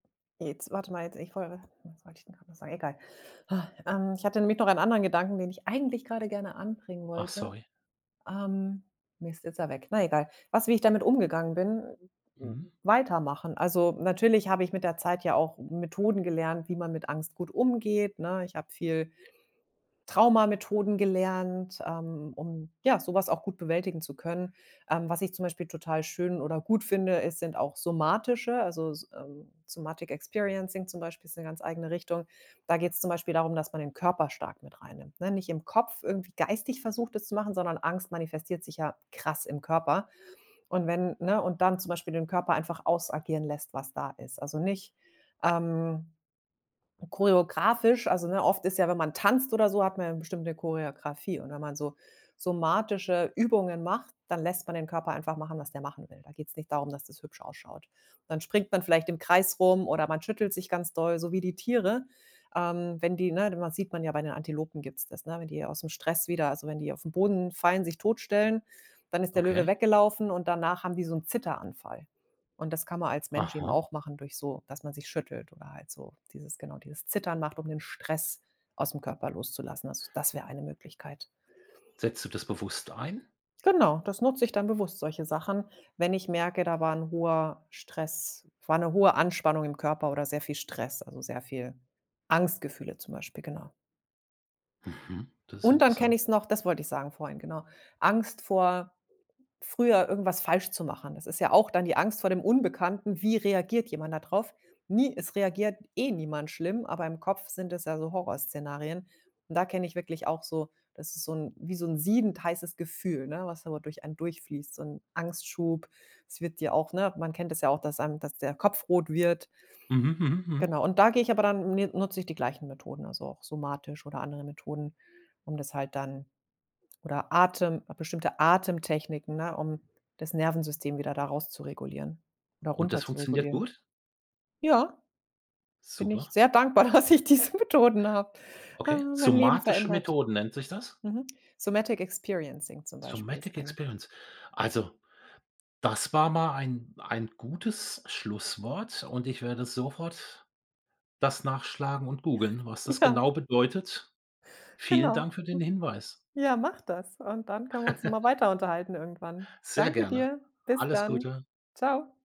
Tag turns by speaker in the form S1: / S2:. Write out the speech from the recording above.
S1: Jetzt warte mal jetzt ich woll was wollt ich denn grad noch sagen? Egal. Ha, ähm, ich hatte nämlich noch einen anderen Gedanken, den ich eigentlich grade gerne anbringen
S2: Ach
S1: wollte.
S2: sorry.
S1: Ähm, Mist, jetzt ist er weg, na egal. Was wie ich damit umgegangen bin? Äh,
S2: Mhm.
S1: weitermachen. Also, natürlich habe ich mit der Zeit ja auch Methoden gelernt, wie man mit Angst gut umgeht, ne? Ich habe viel Trauma-Methoden gelernt, ähm, um, ja, so was auch gut bewältigen zu können. Ähm, was ich zum Beispiel total schön oder gut finde, es sind auch somatische, also, s ähm, Somatic Experiencing zum Beispiel ist 'ne ganz eigene Richtung. Da geht's zum Beispiel darum, dass man den Körper stark mit rein nimmt, ne nicht im Kopf irgendwie geistig versucht es zu machen, sondern Angst manifestiert sich ja krass im Körper und wenn ne und dann zum Beispiel den Körper einfach ausagieren lässt, was da ist. Also nicht, ähm, choreografisch. Also, ne, oft ist ja wenn man tanzt oder so, hat man ja bestimmt 'ne Choreografie und wenn man so somatische Übungen macht, dann lässt man den Körper einfach machen, was der machen will. Da geht's nicht darum, dass das hübsch ausschaut. Dann springt man vielleicht im Kreis rum oder man schüttelt sich ganz doll, so wie die Tiere. Ähm, wenn die, ne, de man sieht man ja bei den Antilopen gibt's das, ne, wenn die ausm Stress wieder also wenn die auf 'n Boden fallen, sich totstellen, dann ist der Löwe
S2: Okay.
S1: weggelaufen und danach haben die so 'n Zitteranfall und das kann man als Mensch eben
S2: Aha.
S1: auch machen durch so dass man sich schüttelt oder halt so dieses genau, dieses Zittern macht, um den Stress ausm Körper loszulassen. Also, das wäre eine Möglichkeit.
S2: Setzt du das bewusst ein?
S1: Genau, das nutze ich dann bewusst, solche Sachen, wenn ich merke, da war 'n hoher Stress, war 'ne hohe Anspannung im Körper oder sehr viel Stress, also, sehr viel Angstgefühle zum Beispiel, genau.
S2: Mhm, das ist
S1: Und dann kenne
S2: interessant.
S1: ich's noch das wollte ich sagen vorhin, genau. Angst vor früher irgendwas falsch zu machen. Das ist ja auch dann die Angst vor dem Unbekannten. Wie reagiert jemand da drauf? Nie es reagiert eh niemand schlimm, aber im Kopf sind es ja so Horrorszenarien und da kenne ich wirklich auch so das ist so 'n wie so 'n siedend heißes Gefühl, ne, was aber durch einen durchfließt, so 'n Angstschub. Es wird dir auch ne, man kennt es ja auch, dass einem dass der Kopf rot wird.
S2: Mhm, mhm, mhm.
S1: Genau, und da gehe ich aber dann mi nutze ich die gleichen Methoden, also, auch somatisch oder andere Methoden, um das halt dann oder Atem, bestimmte Atemtechniken, ne, um das Nervensystem wieder da raus zu regulieren oder
S2: Und das
S1: runter zu
S2: funktioniert
S1: regulieren.
S2: gut?
S1: Ja, bin ich
S2: Super.
S1: sehr dankbar, dass ich diese Methoden habe.
S2: Okay,
S1: Haben mein Leben
S2: somatische
S1: verändert.
S2: Methoden nennt sich das?
S1: Mhm, Somatic Experiencing zum Beispiel ist
S2: Sometic
S1: eine.
S2: Experience. Also, das war mal ein ein gutes Schlusswort und ich werde sofort das nachschlagen und googeln, was das
S1: Ja.
S2: genau bedeutet. Vielen
S1: Genau.
S2: Dank für den Hinweis.
S1: Ja, mach das und dann können wir uns nochmal weiter unterhalten irgendwann.
S2: Sehr
S1: Danke
S2: gerne.
S1: dir, bis
S2: Alles
S1: dann.
S2: Gute.
S1: Tschau.